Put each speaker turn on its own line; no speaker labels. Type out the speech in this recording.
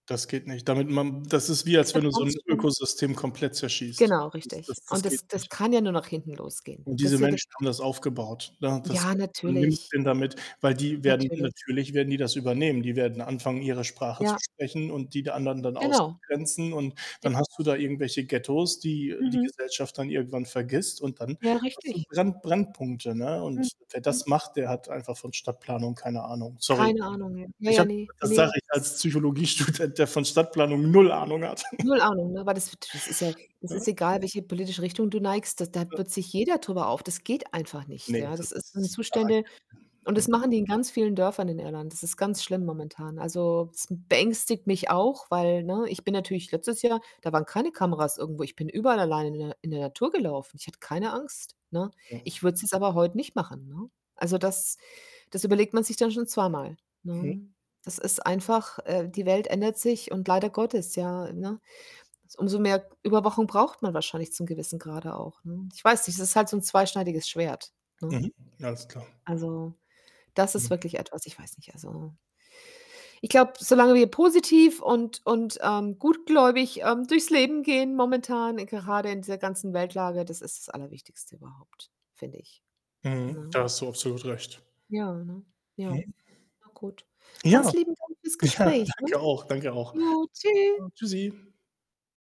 Das geht nicht. Damit man das ist wie
Es
als wenn
wird
du so
ganz
'n
schlimm.
Ökosystem komplett zerschießt.
Genau,
Das
richtig,
Das
und
Das geht
das das
nicht.
kann ja nur nach hinten losgehen.
Und diese
Das würde
Menschen haben das aufgebaut. Da das
Ja,
ga du nimmst
natürlich.
denen damit, weil die werden
Natürlich.
natürlich werden die das übernehmen. Die werden anfangen, ihre Sprache zu
Ja,
sprechen und die der anderen dann
Genau.
auszugrenzen, und
J
dann hast du da irgendwelche Ghettos, die die
Mhm.
Gesellschaft dann irgendwann vergisst und dann
Ja,
hast du 'n
richtig.
Brenn Brennpunkte, ne, und wer
Mhm.
das macht, der hat einfach von Stadtplanung keine Ahnung. Sorry.
Keine Ahnung, ey. Ja,
Ich
ja,
habe
ne.
das
Ne,
sage ich
es
als
ist
Psychologiestudent, der von Stadtplanung null Ahnung hat.
Null Ahnung, ne? Weil das das ist ja das
Ja.
ist egal, welche politische Richtung du neigst, da da
Ja.
wird sich jeder drüber auf. Das geht einfach nicht,
Ne,
ja. Das
das
ist sind
ist
Zustände,
[unintelligible]
und das
Ne.
machen die in ganz vielen Dörfern in Irland. Das ist ganz schlimm momentan. Also, das n beängstigt mich auch, weil ne, ich bin natürlich letztes Jahr da waren keine Kameras irgendwo. Ich bin überall alleine in der in der Natur gelaufen. Ich hatte keine Angst, ne?
[unintelligible]
Ich würde es jetzt aber heut nicht machen, ne? Also, das das überlegt man sich dann schon zweimal,
Mhm.
ne? Das ist einfach äh, die Welt ändert sich und leider Gottes, ja, ne? Umso mehr Überwachung braucht man wahrscheinlich zu 'nem gewissen Grade auch, ne? Ich weiß nicht, das ist halt so 'n zweischneidiges Schwert, ne?
Mhm, alles klar.
Also, das ist
Mhm.
wirklich etwas ich weiß nicht, also Ich glaube, solange wir positiv und und, ähm, gutgläubig, ähm, durchs Leben gehen momentan, gerade in dieser ganzen Weltlage das ist das Allerwichtigste überhaupt, finde ich,
Mhm,
ne?
da hast du absolut recht.
Ja, ne? Ja.
[unintelligible]
Na gut.
Ja.
Ganz lieben Dank fürs
Ja,
Gespräch, ne?
danke auch. Danke auch.
Jo, tschü.
Ja, tschüssi.